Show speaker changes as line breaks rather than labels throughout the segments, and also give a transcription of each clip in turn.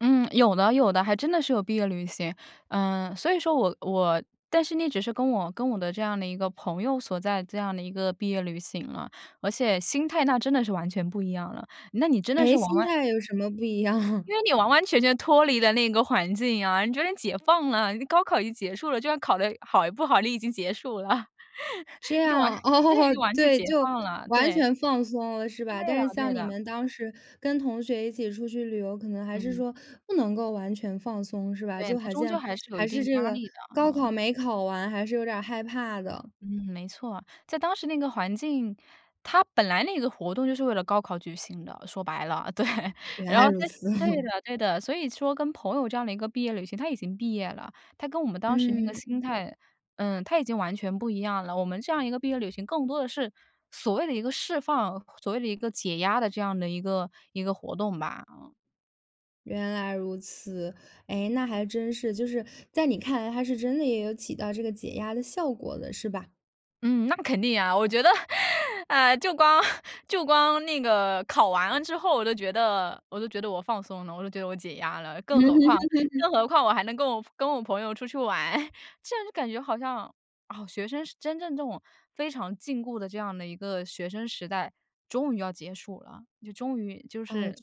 嗯，有的有的，还真的是有毕业旅行。嗯，所以说我我但是那只是跟我跟我的这样的一个朋友所在这样的一个毕业旅行了，而且心态那真的是完全不一样了。那你真的是
诶，
完
心
完
态有什么不一样？
因为你完完全全脱离了那个环境呀，你觉得解放了，高考已经结束了，就算考得好与不好，你已经结束了，
这
就完
样，
对，
哦，
就完全
对，
解
就
放了，
完
对。
全放松了，是吧？
对
但
呀，
是像
对
你
的。
们当时跟同学一起出去旅游，可能还是
嗯。
说不能够完全放松，是吧？
对，
就
它
好
终究
像
还是有
还
一定
是这
压
个，
力的，
高
嗯。
考没考完，还是有点害怕的。
嗯，没错，在当时那个环境，它本来那个活动就是为了高考举行的，说白了，对。
原
然
来
后
如
对
此。
的对的，所以说跟朋友这样的一个毕业旅行，它已经毕业了，它跟我们当时那个
嗯。
心态，呃，它已经完全不一样了，我们这样一个毕业旅行，更多的是，所谓的一个释放，所谓的一个解压的这样的一个一个活动吧，嗯。
原来如此。诶，那还真是，就是在你看来，它是真的也有起到这个解压的效果的，是吧？
嗯，那肯定呀。我觉得，诶，就光 就光那个考完了之后，我就觉得我都觉得我放松了，我就觉得我解压了。更何况 更何况我还能够跟我跟我朋友出去玩，这样就感觉好像，哦，学生是真正这种非常禁锢的这样的一个学生时代，终于要结束了，终于，就
啊，学
是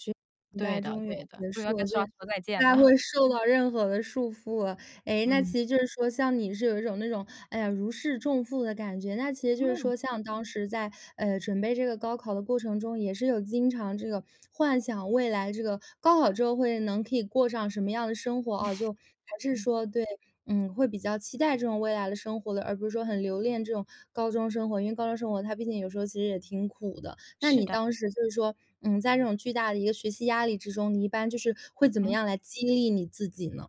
生时
对
代
的
终于要
对的，
结
终于要
束
跟
了，
说
就不
再见
太
了。
会受到任何的束缚了。诶，那
嗯。
其实就是说像你是有一种那种，哎呀，如释重负的感觉，那其实就是
嗯。
说像当时在，诶，准备这个高考的过程中，也是有经常这个幻想未来这个高考之后，会能可以过上什么样的生活，哦，就还是 说对，嗯，会比较期待这种未来的生活的，而不是说很留恋这种高中生活，因为高中生活，它毕竟有时候其实也挺苦的。那
是
你
的。
当时就说，嗯，在这种巨大的一个学习压力之中，你一般就是会怎么
嗯。
样来激励你自己呢？